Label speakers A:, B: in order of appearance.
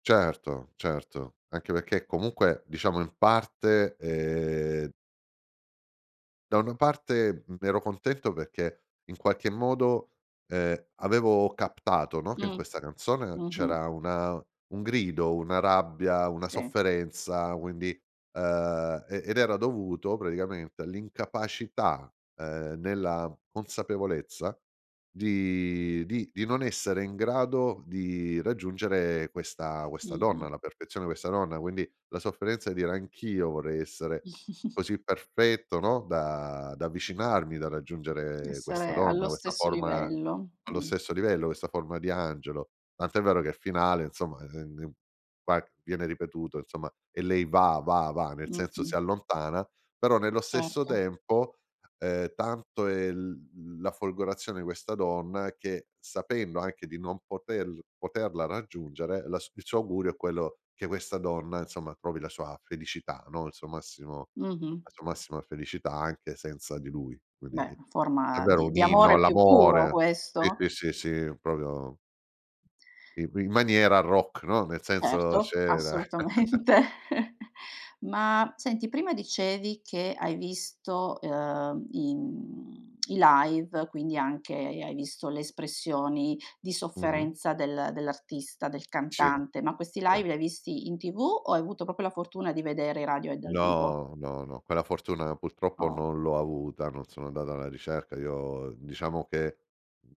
A: Certo, certo, anche perché comunque diciamo in parte e da una parte mh, ero contento perché in qualche modo ehm avevo captato, no, che in
B: Mh,
A: questa canzone
B: mh-mh.
A: c'era una un grido, una rabbia, una
B: Sì.
A: sofferenza, quindi uhm, e ed era dovuto praticamente all'incapacità ehm, nella consapevolezza di di di non essere in grado di raggiungere questa questa donna
B: Mh-mh.
A: alla perfezione, questa donna, quindi la sofferenza di dire anch'io vorrei essere così perfetto, no, da da avvicinarmi, da raggiungere questa
B: Essere allo
A: donna, questa
B: stesso
A: forma
B: livello,
A: allo
B: mh.
A: stesso livello, questa forma di angelo. Tant'è vero che il finale insomma ehm s va viene ripetuto insomma e lei va va va, nel senso
B: Mh-mh.
A: si allontana, però nello stesso
B: Certo.
A: tempo ehm, tanto è l la folgorazione di questa donna che sapendo anche di non poter poterla raggiungere la il suo augurio è quello che questa donna insomma trovi la sua felicità, no, il suo massimo
B: Mh-mh.
A: la sua massima felicità anche senza di lui. Quindi
B: Beh, forma
A: davvero
B: di
A: un
B: di
A: inno
B: amore più puro
A: all'amore. Sì,
B: questo.
A: sì, sì, sì, proprio i qui in maniera rock, no. Nel senso
B: Certo,
A: c'era
B: assolutamente. Ma senti, prima dicevi che hai visto, uhm, i mhmm, i live, quindi anche hai visto le espressioni di
A: Mh-mh.
B: sofferenza del dell'artista, del
A: Sì,
B: cantante, ma questi
A: sì.
B: live li hai visti in TV o hai avuto proprio la fortuna di vedere i Radiohead dal vivo?
A: No, no, no quella fortuna purtroppo
B: Oh.
A: non l'ho avuta, non sono andata alla ricerca. Io diciamo che mh.